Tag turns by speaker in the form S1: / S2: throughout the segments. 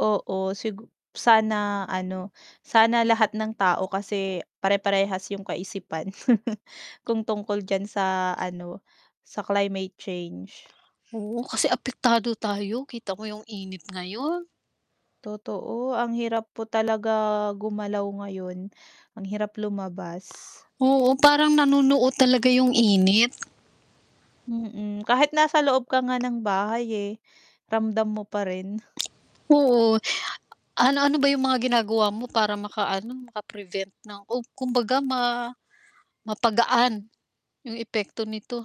S1: Oo, sigu sana, ano, sana lahat ng tao kasi pare-parehas 'yong kaisipan. Kung tungkol diyan sa ano, sa climate change.
S2: Oo, kasi apektado tayo, kita mo 'yong init ngayon.
S1: Totoo, ang hirap po talaga gumalaw ngayon. Ang hirap lumabas.
S2: Oo, parang nanunuot talaga 'yong init.
S1: Mm, kahit nasa loob ka nga ng bahay, eh, ramdam mo pa rin.
S2: Oo. Ano-ano ba 'yong mga ginagawa mo para maka-ano, maka-prevent ng o kumbaga ma mapagaan 'yong epekto nito?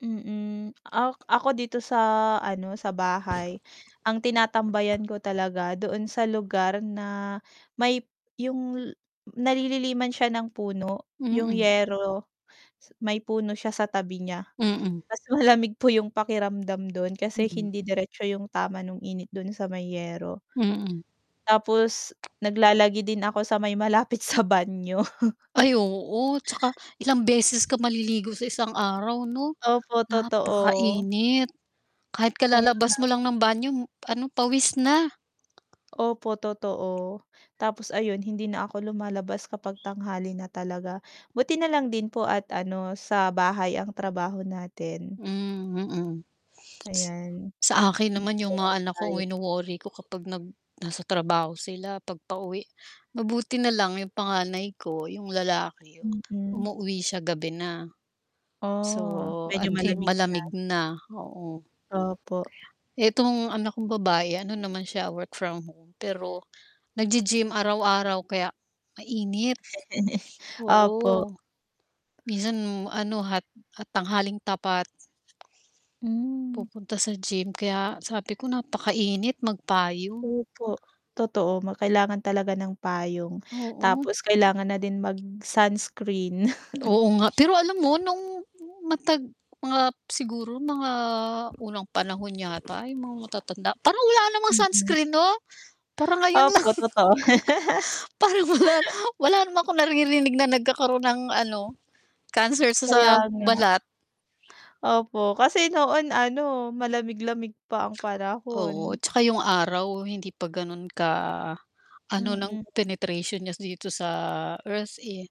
S1: Mm. Ak ako dito sa ano, sa bahay ang tinatambayan ko talaga doon sa lugar na may 'yong ay nalililiman siya ng puno. 'Yong
S2: Mm.
S1: yero s may puno siya sa tabi niya.
S2: Mm.
S1: Mas malamig po 'yong pakiramdam do'n kasi
S2: Mm.
S1: hindi diretso 'yong tama no'ng init do'n sa may yero.
S2: Mm.
S1: Tapos naglalagi din ako sa may malapit sa banyo.
S2: Ay oo, 'tsaka ilang beses ka maliligo sa isang araw, 'no?
S1: Opo, totoo.
S2: Napakainit. Kahit
S1: Kaya
S2: kalalabas
S1: nga
S2: mo lang
S1: po.
S2: ng banyo ano, pawis na.
S1: Opo, totoo. Tapos ayun hindi na ako lumalabas kapag tanghali na talaga. Buti na lang din po at ano, sa bahay ang trabaho natin.
S2: Hmm, mm. S
S1: Ayan.
S2: sa akin naman
S1: Medyo
S2: 'yong
S1: ano
S2: mga anak ko ang
S1: tayo
S2: wino-worry ko kapag nag nasa trabaho sila 'pag pauwi. Mabuti na lang 'yong panganay ko, 'yong lalaki,
S1: Mm.
S2: umuuwi siya gabi na.
S1: Oh,
S2: So
S1: medyo
S2: at hi
S1: malamig na.
S2: malamig na, oo.
S1: Opo.
S2: Itong anak kong babae, ano naman siya, work from home. Pero naggi-gym araw-araw kaya mainit,
S1: Opo.
S2: oo. Minsan ano, hat ah, tanghaling tapat
S1: Hmm.
S2: pupunta sa gym kaya sabi ko napakainit, magpayong.
S1: Opo, totoo, ma kailangan talaga ng payong.
S2: Oo.
S1: Tapos kailangan na din mag-sunscreen.
S2: Oo, nga pero alam mo no'ng matag mga siguro mga unang panahon yata 'yong mga matatanda, parang wala namang
S1: Mm.
S2: sunscreen, 'no? Parang ngayon lang.
S1: Opo, totoo.
S2: Parang wala wala naman akong naririnig na nagkakaroon ng ano, cancer sa sa
S1: Kaya nga.
S2: balat.
S1: Opo, kasi noon ano, malamig-lamig pa ang
S2: Oo,
S1: panahon.
S2: 'tsaka 'yong araw hindi pa gano'n ka-ano ng
S1: Mm.
S2: penetration niya dito sa Earth, eh.